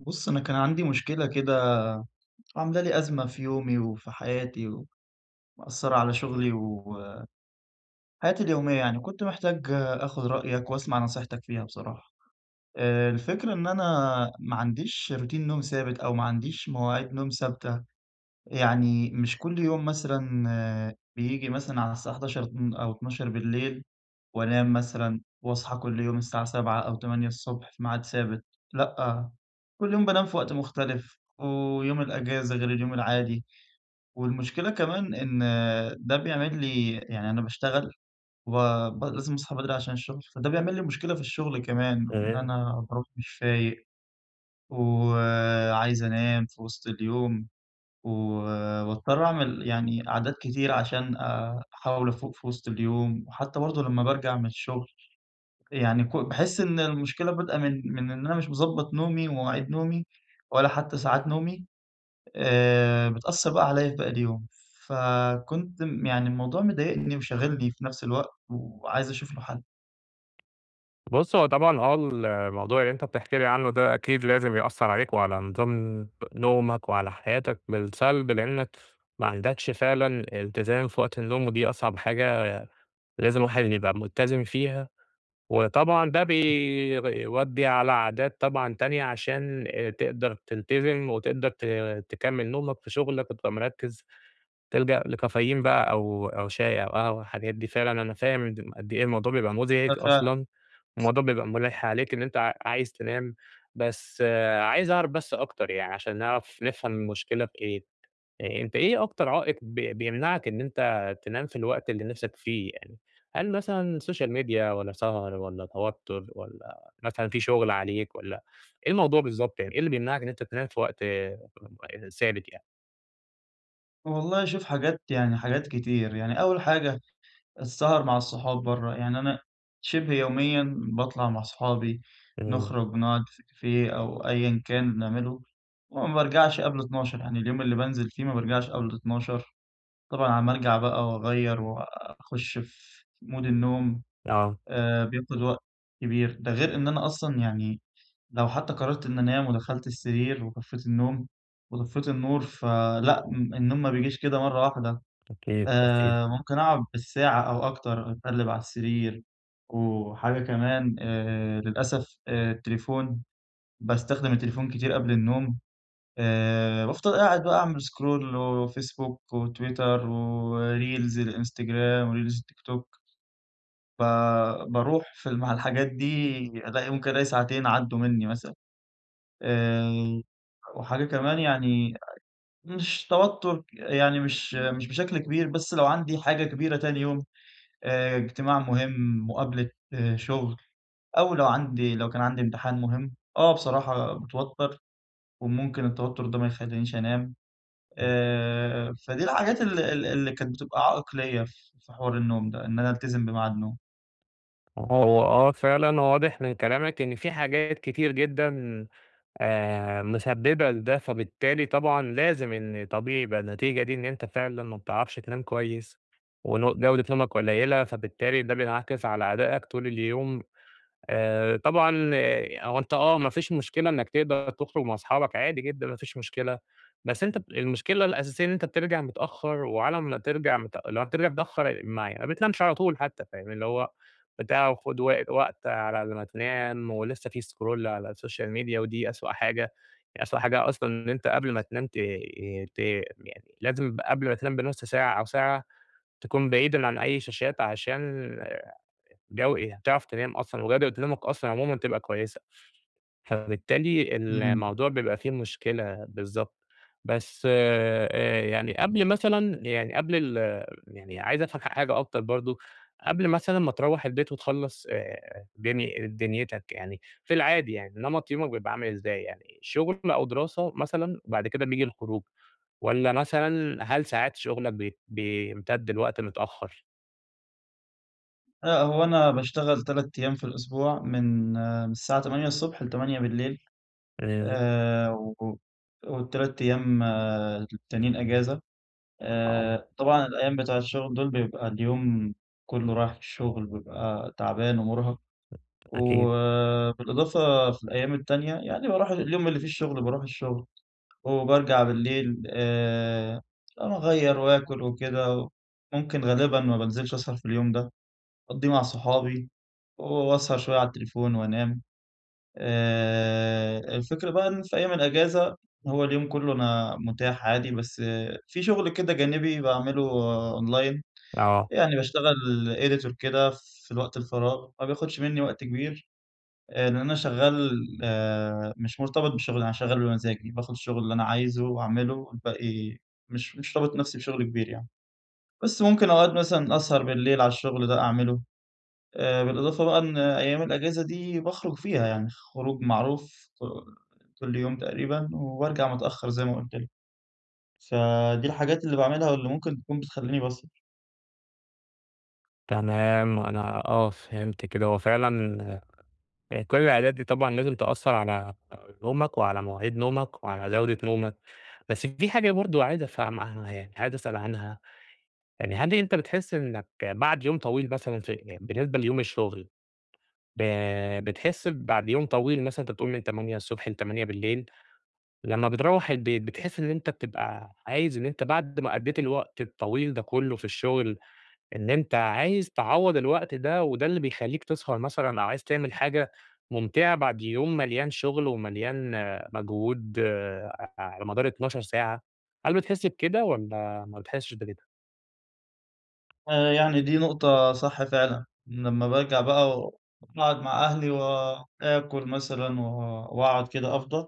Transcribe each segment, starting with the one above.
بُصّ، أنا كان عندي مشكلة كده عاملة لي أزمة في يومي، وفي حياتي، ومأثرة على شغلي و آآ، حياتي اليومية يعني، كنت محتاج آخد رأيَك وأسمَع نصيحتك فيها بصراحة. آآ، الفكرة إن أنا ما عنديش روتين نوم ثابت أو ما عنديش مواعيد نوم ثابتة يعني مش كل يوم مثلًا آآ، بييجي مثلًا على الساعة 23:00 أو 00:00 وأنام مثلًا وأصحى كل يوم الساعة 07:00 أو 08:00 في ميعاد ثابت، لأ، كل يوم بانام في وقت مختلِف ويوم الإجازة غير اليوم العادي، والمشكلة كمان إن آآ ده بيعمل لي يعني أنا باشتغل وب لازم أصحى بدري عشان الشغل فده بيعمِل لي مشكلة في الشغل كمان وإن تمام. أنا بارُوح مش فايق و آآ، عايز أنام في وسط اليوم، و وباضطَر أعمِل يعني عادات كتير عشان آآ، أحاول أفوق في وسط اليوم وحتى برضه لما بارجَع من الشغل يعني ك باحِس إن المشكلة بادئة من من إن أنا مش مظبَّط نومي ومواعيد نومي، ولا حتى ساعات نومي آآ، بتأثر بقى عليَّ لباقي اليوم. فكنت يعني الموضوع مضايقني وشاغلني في نفْس الوقت، وعايز أشوف له حل. بُصّ، هو طبعًا آه الموضوع اللي أنت بتحكي لي عنه ده أكيد لازم يأثرعليك، وعلى نظام نومك، وعلى حياتك بالسلب، لأنك ماعندكش فعلًا إلتزام في وقت النوم، ودي أصعب حاجة لازم الواحد يبقى مُلتزم فيها، وطبعًا ده بي بيودَّي على عادات طبعًا تانية، عشان آآ، تقدر تلتزِم وتقدر ت تكمل نومك في شغلك وتبقى مرّكز، تلجأ لكافيين بقى أو أو شاي، أو قهوة، الحاجات دي، فعلًا أنا فاهم م قد إيه الموضوع بيبقى مزعج آه، فاهم. أصلًا، الموضوع بيبقى مُلّح عليك إن أنت ع عايز تنام بس آآ، عايز أعرف بس أكتر يعني عشان نعرف نفهم المشكلة في إيه، أنت إيه أكتر عائق بي بيمنعك إن أنت تنام في الوقت اللي نفْسك فيه يعني؟ هل مثلًا سوشيال ميديا والّا سهر والّا توتر والّا مثلًا في شغل عليك والّا إيه الموضوع بالضبط يعني؟ إيه اللي بيمنعك إن أنت تنام في وقت آآ، ثابت يعني؟ والله شوف حاجات يعني حاجات كتير، يعني أول حاجة، السهر مع الصحاب برّا، يعني أنا شّبه يوميًا باطلع مع صحابي، آه. نخرج نقعد في كافية أو أيًا كان بنعمله وما بارجعش قبل 00:00 يعني اليوم اللي بانزل فيه ما بارجعش قبل 00:00 طبعًا على ما أرجع بقى وأغيّر وأخُش في مود النوم، آه. آآ، بياخد وقت كبير ده غير إن أنا أصلًا يعني لو حتى قررت إن أنام ودخلت السرير وطفيت النوم، وطفيت النور فلأ النوم ما بيجيش كده مرة واحدة، أكيد، أكيد. آآ، ممكن أقعد بالساعة أو أكتر أتقلب على السرير، وحاجة كمان آآ للأسف آآ التليفون باستخدم التليفون كتير قبل النوم، آآ بافضل قاعد بقى أعمل سكرول وفيسبوك، وتويتر، وريلز الإنستجرام، وريلز التيك توك، فباروح في مع الحاجات دي ألاقي ممكن ألاقي ساعتين عدّوا مني مثلًا، آآ، وحاجة كمان يعني مش توتر يعني مش مش بشكل كبير بس لو عندي حاجة كبيرة تاني يوم آآ، اجتماع مهم، مقابلة شغل، أو لو عندي لو كان عندي امتحان مهم، آه بصراحة باتوتر وممكن التوتر ده ما يخلينيش أنام إمم. آآ، فدي الحاجات ال ال اللي كانت بتبقى عائق ليَّ ف في حوار النوم ده، إن أنا ألتزم بمعاد نوم. هو آه، فعلًا واضِح من كلامك إن في حاجات كتير جدًا آآ، مسبِّبة لده، فبالتالي طبعًا لازم إن طبيعي يبقى النتيجة دي، إن أنتَ فعلًا ما بتعرَفش تنام كويِّس، ون جودة نومَك قليلة. فبالتالي ده بينعكس على أدائَك طول اليوم. آآ طبعًا، هو أنتَ آه، ما فيش مشكلة إنَّك تقدَر تخرُج مع صُحابَك عادي جدًا، ما فيش مشكلة، بس أنتَ ب المشكلة الأساسية إن أنتَ بترجع متأخّر، وعلى ما ترجَع مت لو هترجع متأخّر، مع ي ما بتنامش على طول، حتى فاهم؟ اللي هو بتاع وخُد وق وقت على ما تنام. ولسَّه في scroll على social media، ودي أسوأ حاجة، يعني أسوأ حاجة أصلًا، إن أنتَ قبل ما تنام ت ت يعني لازم قبل ما تنام بنُص ساعة أو ساعة، تكون بعيد عن أي شاشات، عشان جو تعرف تنام أصلًا، وجودة نومك أصلًا عمومًا تبقى كويِسة. فبالتالي إمم. الموضوع بيبقى في مشكلة. بالضبط، بس آآ، يعني، قبل مثلًا يعني، قبل ال يعني عايِز أفهم ح حاجة أكتر برضه. قبل مثلًا ما ترَوّح البيت وتخلَّص آآ، دن دنيتَك، يعني في العادي، يعني نمط يومك بيبقى عامل إزاي؟ يعني شغل أو دراسة مثلًا، بعد كده بييجي الخروج، والّا مثلًا هل ساعات شغلَك بي بيمتدّ لوقت متأخّر؟ لا هو أنا باشتغل 3 أيّام في الأسبوع. من من الساعة 8:00 ص ل20:00 [unintelligible] آآ، و وال3 أيّام التانيين إجازة. آه. آآ، طبعًا الأيّام بتاع الشغل دول بيبقى اليوم كلّه راح الشغل ببقى تعبان ومرهق. أكيد. وبالإضافة في الأيّام التانية يعني باروح اليوم اللي فيه الشغل باروح الشغل، وبارجع بالليل ب آآ، أغير وآكل وكده، ممكن غالبًا ما بنزلش أسهر في اليوم ده، أقضيه مع صحابي، وأسهر شويّة على التليفون، وأنام. آآ، الفكرة بقى إن في أيّام الإجازة هو اليوم كلّه أنا متاح عادي، بس في شغل كده جانبي باعمله أونلاين. آه. يعني باشتغل editor كده في الوقت الفراغ. ما بياخدش مِنّي وقت كبير. لأن أنا شغّال آآ، مش مرتبط بالشغل أنا شغّال بمزاجي. باخد الشغل اللي أنا عايزه وأعمله، والباقي مش مش رابط نفسي بشغل كبير يعني. بس ممكن أقعد مثلًا أسهر بالليل على الشغل ده أعمله. آآ، بالإضافة بقى إن أيّام الإجازة دي باخرج فيها يعني، خروج معروف ك كل يوم تقريبًا، وارجع متأخّر زي ما قُلت لك. فدي الحاجات اللي باعملها ممكن تكون بتخليني بسهر. تمام، أنا آه، فهمت كده. هو فعلًا يعني كل العادات دي طبعًا لازم تأثِّر على نومك وعلى مواعيد نومك وعلى جودة نومك. بس في حاجة برضه عايِز أفهمها، يعني عايِز أسأَل عنها، يعني هل أنتَ بتحس إنَّك بعد يوم طويل مثلًا، ف بالنسبة ليوم الشغل، ب بتحس بعد يوم طويل مثلًا، أنتَ بتقول من 08:00 ص ل20:00 بالليل، لمَّا بترُوح البيت، بتحس إن أنتَ بتبقى عايِز إن أنتَ بعد ما قضَّيت الوقت الطويل ده كله في الشغل، إن أنتَ عايِز تعوّض الوقت ده، وده اللي بيخلِّيك تسهر مثلًا أو عايِز تعمل حاجة ممتعة بعد يوم مليان شغل ومليان مجهود ع على مدار 12 ساعة؟ هل بتحس بكده، والّا ما بتحسّش بكده؟ آآ، يعني دي نقطة صح فعلًا، لمَّا بارجع بقى وأقعد مع أهلي وآكُل مثلًا، و وأقعد كده، أفضَى،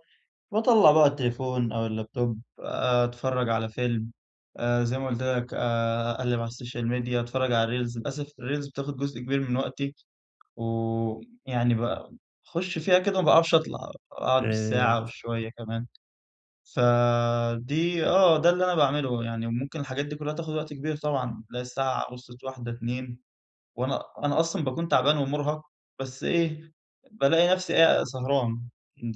باطلَع بقى التليفون أو الlaptop، آآ، أتفرَّج على فيلم، آآ زي ما قُلت لك آآ، أقلِّب على الsocial media، أتفرَّج على الreels. للأسف الreels بتاخُد جزء كبير من وقتي، ويعني ب بخُش فيها كده، ما باعرفش أطلَع، أقعُد آآ، بالساعة [unintelligible] وشوية كمان. فدي آه، ده اللي أنا باعمله. يعني، وممكن الحاجات دي كلها تاخُد وقت كبير طبعًا، تلاقي الساعة وصلِت 01:00، 02:00 وأنا أنا أصلًا باكون تعبان ومُرهق، بس إيه، بالاقي نفسي أ سهران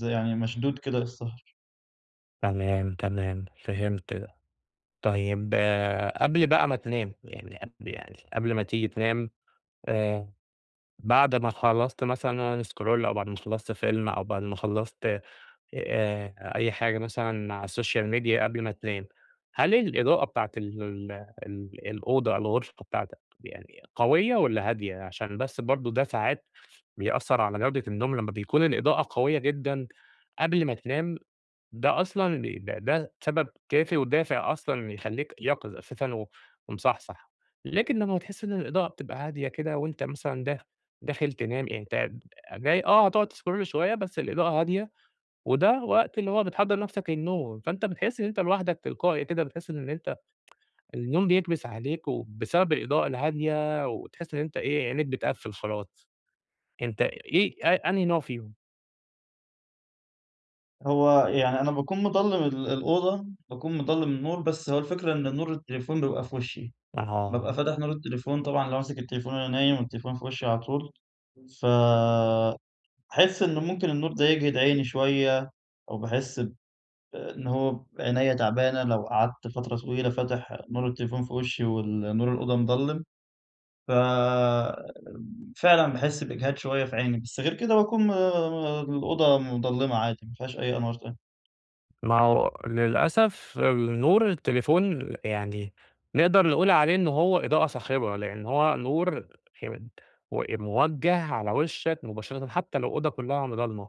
يعني، مشدود كده للسهَر. تمام، تمام، فهمت ده، طيب قبل بقى ما تنام، يعني قبل يعني قبل ما تيجي تنام، آآ، بعد ما خلصت مثلًا scroll أو بعد ما خلصت فيلم أو بعد ما خلصت آآ، أي حاجة مثلًا على الsocial media قبل ما تنام، هل الإضاءة بتاعة ال ال ال الأوضة الغرفة بتاعتك يعني قوية والّا هادية؟ عشان بس برضو ده ساعات بيأثر على جودة النوم لمّا بيكون الإضاءة قوية جدًا قبل ما تنام، ده أصلًا ده ده سبب كافي ودافع أصلًا يخلّيك يقِظ أساسًا و ومصحصح، لكن لمّا بتحس إن الإضاءة بتبقى هادية كده وأنت مثلًا داخ داخل تنام يعني أنت جاي آه هتقعد تscroll شوية بس الإضاءة هادية، وده وقت اللي هو بتحضر نَفسك للنوم، فأنت بتحس إن أنت لوحدك تلقائي كده بتحس إن أنت النوم بيكبس عليك، وبسبب الإضاءة الهادية وتحس إن أنت إيه عينيك بتقفِّل خلاص، أنت إيه أ أنهي نوع فيهم؟ هو يعني أنا باكون مضلّم ال الأوضة، باكون مضلّم النور، بس هو الفكرة إن نور التليفون بيبقى في وشي، بابقى أها. فاتح نور التليفون طبعًا لو ماسِك التليفون وأنا نايم والتليفون في وشي على طول، فباحس إنه ممكن النور ده يجهِد عيني شوية، أو باحس ب إن هو ب عينيَّ تعبانة لو قعدت فترة طويلة فاتح نور التليفون في وشي وال نور الأوضة مضلِّم، ففعلًا باحس بإجهاد شوية في عيني، بس غير كده باكون م م الأوضة مضلِّمة عادي، مافيهاش أي أنوار تانية. ما هو للأسف نور التليفون يعني نقدَر نقول عليه إن هو إضاءة صاخبة، لأن هو نور م موجَّه على وشَّك مباشرةً، حتى لو أوضة كلها ضلْمة،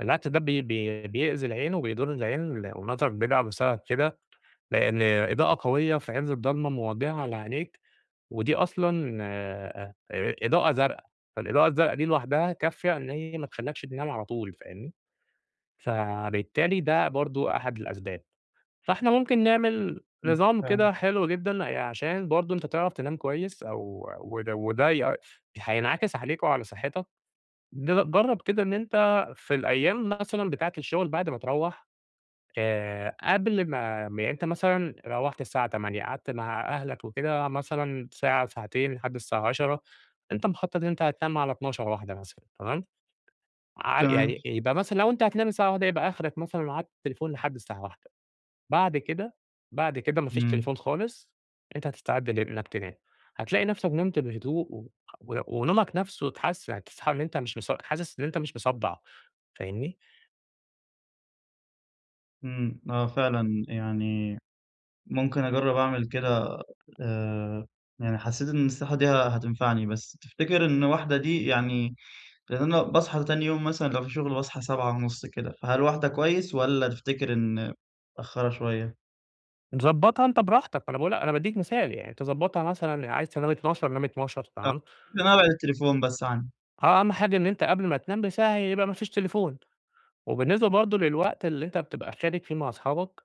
بالعكس ده بي بي بيأذي العين وبيضُر العين والنظر بيضعف بسبب كده، لأن إضاءة قوية في عز الضلمة موجهة على عينيك، ودي أصلًا آآ، إضاءة زرقا، فالإضاءة الزرقا دي لوحدها كافِيَة إن هي ما تخلِّكش تنام على طول فاهمني؟ فبالتالي ده برضه أحد الأسباب. فإحنا ممكن نعمل امم، نظام كده تمام. حلو جدًا، عشان برضه أنت تعرَف تنام كويس أو وده وده هينعكس عليك وعلى صحتك، ض جرَّب كده إن أنت في الأيام مثلًا بتاعة الشغل بعد ما تروَّح آآ، قبل ما يعني أنت مثلًا روَّحت الساعة 20:00 قعدت مع أهلك وكده مثلًا ساعة ساعتين لحد الساعة 22:00 أنت مخَطط أنت هتنام على 00:00 01:00 مثلًا تمام؟ ع تمام. يعني يبقى مثلًا لو أنت هتنام الساعة 01:00 يبقى أخرك مثلًا معاك تليفون لحد الساعة 01:00 بعد كده بعد كده ما فيش امم. تليفون خالص أنت هتستعد لإنك تنام، هتلاقي نَفْسك نمت بهدوء، و ونومك نفْسه اتحسن يعني، تصحى إن أنت مش مص حاسس إن أنت مش مصدَّع فاهمني؟ امم، آه فعلًا يعني ممكن أجرّب أعمل كده، آآ، يعني حسّيت إن النصيحة دي ه هتنفعني. بس تفتكر إنّ 01:00 دي يعني لأن أنا باصحى تاني يوم مثلًا لو في شغل باصحى 07:30 كده، فهل 01:00 كويّس، والّا تفتكر إن متأخرة شويّة؟ ضبّطها أنت براحتك، أنا باقول أنا باديك مثال يعني. تظبّطها مثلًا عايز تنام 00:00 نام 00:00، آه، تمام. إن أنا أبعِد التليفون بس عنّي. آه، أهم حاجة إن أنت قبل ما تنام بساعة يبقى ما فيش تليفون، وبالنسبة برضو للوقت اللي أنت بتبقى خارج فيه مع صحابك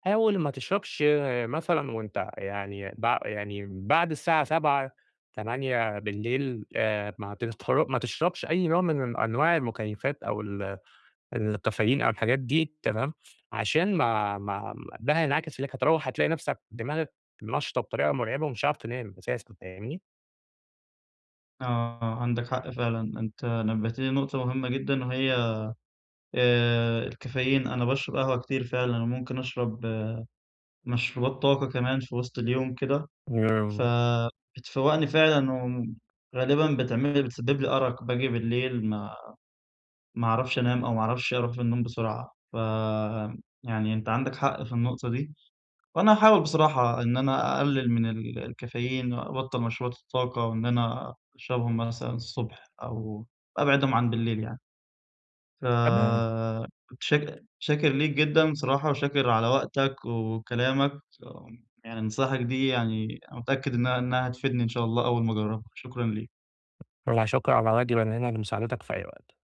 حاول ما تشربش مثلًا وأنت يعني بع يعني بعد الساعة 19:00 8:00 م آآ، ما عترت ما تشربش أي نوع من أنواع المكيّفات، أو ال الكافايين أو الحاجات دي، تمام، عشان ما ما ده هينعكس عليك، هتروّح هتلاقي نَفسك دماغك نشطة بطريقة مرعبة، ومش هتعرف تنام أساسًا، فاهمني؟ آه، آه، عندك حق فعلًا، أنت نبهتني لنقطة مهمّة جدًا وهي آآ، الكافيين، أنا باشرب قهوة كتير فعلًا، وممكن أشرب مشروبات طاقة كمان في وسط اليوم كده، [unintelligible] فبتفوّقني فعلًا وغالبًا بتعمل لي بتسبب لي أرق، باجي بالليل ما ما اعرفش أنام، أو ما اعرفش أروح في النوم بسرعة، فيعني أنت عندك حق في النقطة دي. وأنا هاحاول بصراحة إن أنا أقلل من ال الكافيين، وأبطّل مشروبات الطاقة، وإن أنا أشربهم مثلًا الصبح، أو أبعِدهم عن بالليل يعني. فمتشك [unintelligible] شاكر ليك جدًا بصراحة، وشاكر على وقتك وكلامك [unintelligible] يعني نصايحك دي يعني متأكّد إنّها إنّها هتفيدني إن شاء الله أوّل ما أجربها. شكرًا ليك. لا شُكر على واجب، أنا هنا لمساعدتك في أي وقت.